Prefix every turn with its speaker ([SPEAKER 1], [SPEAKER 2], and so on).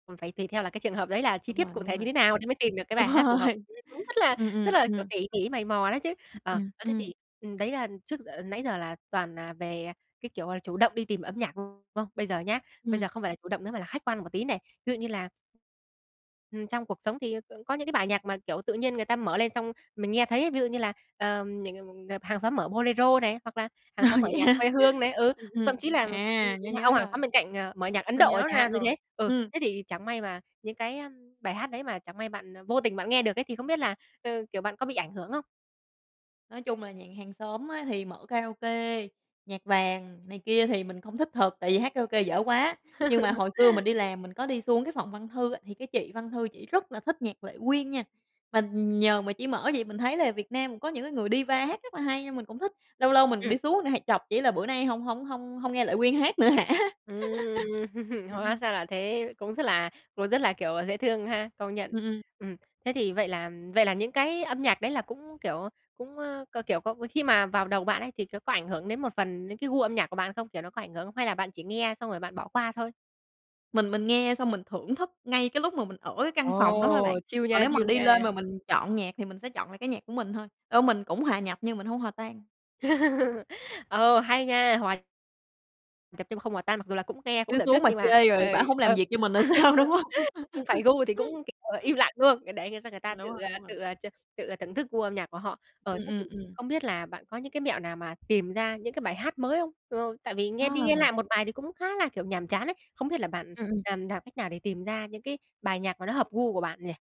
[SPEAKER 1] Còn phải tùy theo là cái trường hợp đấy là chi
[SPEAKER 2] Đúng
[SPEAKER 1] tiết
[SPEAKER 2] rồi,
[SPEAKER 1] cụ
[SPEAKER 2] đúng
[SPEAKER 1] thể như
[SPEAKER 2] rồi.
[SPEAKER 1] thế nào thì mới tìm được cái
[SPEAKER 2] Đúng
[SPEAKER 1] bài hát phù hợp,
[SPEAKER 2] rồi,
[SPEAKER 1] [unintelligible] cũng rất là
[SPEAKER 2] ừm,
[SPEAKER 1] rất
[SPEAKER 2] ừm,
[SPEAKER 1] là, kiểu,
[SPEAKER 2] ừm.
[SPEAKER 1] tỉ mỉ mày mò đấy chứ. Ờ,
[SPEAKER 2] Ừm,
[SPEAKER 1] ơ, thế
[SPEAKER 2] ưm.
[SPEAKER 1] thì, ừm, đấy là trước giờ nãy giờ là toàn, à, về cái, kiểu, là chủ động đi tìm âm nhạc không? Bây giờ nhá, bây
[SPEAKER 2] Ừm.
[SPEAKER 1] giờ không phải là chủ động nữa mà là khách quan một tí này. Ví dụ như là Ừm, trong cuộc sống thì c có những cái bài nhạc mà, kiểu, tự nhiên người ta mở lên xong mình nghe thấy ví dụ như là, ờ, [unintelligible] ờ, hàng xóm mở bolero này, hoặc là hàng
[SPEAKER 2] Ồ,
[SPEAKER 1] xóm mở
[SPEAKER 2] vậy
[SPEAKER 1] nhạc
[SPEAKER 2] hả?
[SPEAKER 1] quê hương này, ừ,
[SPEAKER 2] Ừm,
[SPEAKER 1] thậm
[SPEAKER 2] ừm,
[SPEAKER 1] chí là
[SPEAKER 2] à, nhớ
[SPEAKER 1] [unintelligible] ông
[SPEAKER 2] nhớ
[SPEAKER 1] hàng
[SPEAKER 2] rồi.
[SPEAKER 1] xóm bên cạnh, ờ, mở nhạc Ấn
[SPEAKER 2] Mình
[SPEAKER 1] Độ
[SPEAKER 2] nhớ
[SPEAKER 1] chẳng
[SPEAKER 2] ra
[SPEAKER 1] hạn như thế.
[SPEAKER 2] rồi,
[SPEAKER 1] Ừ,
[SPEAKER 2] ừm.
[SPEAKER 1] thế thì chẳng may mà những cái, a, bài hát đấy mà chẳng may bạn, à, vô tình bạn nghe được ấy thì không biết là, ờ, kiểu, bạn có bị ảnh hưởng không?
[SPEAKER 2] Nói chung là nhà hàng xóm á thì mở karaoke, nhạc vàng này kia thì mình không thích thật tại vì hát karaoke dở quá, nhưng mà hồi xưa mình đi làm mình có đi xuống cái phòng văn thư á thì cái chị văn thư chị rất là thích nhạc Lệ Quyên nha. Mà nhờ mà chị mở vậy mình thấy là Việt Nam cũng có những cái người diva hát rất là hay nên mình cũng thích, lâu lâu mình
[SPEAKER 1] Ừm.
[SPEAKER 2] đi xuống hay chọc chị là bữa nay hổng hổng hông hông nghe Lệ Quyên hát nữa hả?
[SPEAKER 1] Ừm, hóa
[SPEAKER 2] Ừm.
[SPEAKER 1] ra là thế cũng rất là cũng rất là, kiểu, dễ thương ha, công nhận.
[SPEAKER 2] Ừm, ừm.
[SPEAKER 1] Ừm. Thế thì vậy là vậy là những cái âm nhạc đấy là cũng, kiểu, ơ, cũng, ơ, k kiểu có khi mà vào đầu bạn ấy thì có có ảnh hưởng đến một phần đến cái gu âm nhạc của bạn không? Kiểu, nó có ảnh hưởng? Hay là bạn chỉ nghe xong rồi bạn bỏ qua thôi?
[SPEAKER 2] Mình mình nghe xong mình thưởng thức ngay cái lúc mà mình ở cái căn phòng đó thôi bạn.
[SPEAKER 1] Ồ, chill
[SPEAKER 2] Còn
[SPEAKER 1] nha,
[SPEAKER 2] nếu mà
[SPEAKER 1] chill
[SPEAKER 2] đi
[SPEAKER 1] nha.
[SPEAKER 2] lên mà mình chọn nhạc thì mình sẽ chọn lại cái nhạc của mình thôi, ô, mình cũng hòa nhập nhưng mình hông hòa tan.
[SPEAKER 1] Ờ, hay nha, hoà nhập nhưng không hòa tan, mặc dù là cũng nghe cũng
[SPEAKER 2] Cứ
[SPEAKER 1] thưởng thức
[SPEAKER 2] xuống mà
[SPEAKER 1] nhưng mà,
[SPEAKER 2] chê rồi
[SPEAKER 1] ờ,
[SPEAKER 2] bả hông làm
[SPEAKER 1] ờ.
[SPEAKER 2] việc cho mình rồi sao, đúng hông?
[SPEAKER 1] Không phải gu thì cũng, kiểu, im lặng, đúng không? Ờ, để, ờ, cho người ta
[SPEAKER 2] Ừm,
[SPEAKER 1] tự,
[SPEAKER 2] đúng rồi,
[SPEAKER 1] à,
[SPEAKER 2] đúng rồi.
[SPEAKER 1] tự, à, ch tự, à, thưởng thức gu âm nhạc của họ. Ờ,
[SPEAKER 2] Ừm,
[SPEAKER 1] thế thì
[SPEAKER 2] ừm, ừm.
[SPEAKER 1] không biết là bạn có những cái mẹo nào mà tìm ra những cái bài hát mới không? Ờ, tại vì
[SPEAKER 2] Ờ.
[SPEAKER 1] nghe đi nghe lại một bài thì cũng khá là, kiểu, nhàm chán ấy. Không biết là bạn,
[SPEAKER 2] Ừm, ừm.
[SPEAKER 1] à, làm cách nào để tìm ra những cái bài nhạc mà nó hợp gu của bạn nhỉ?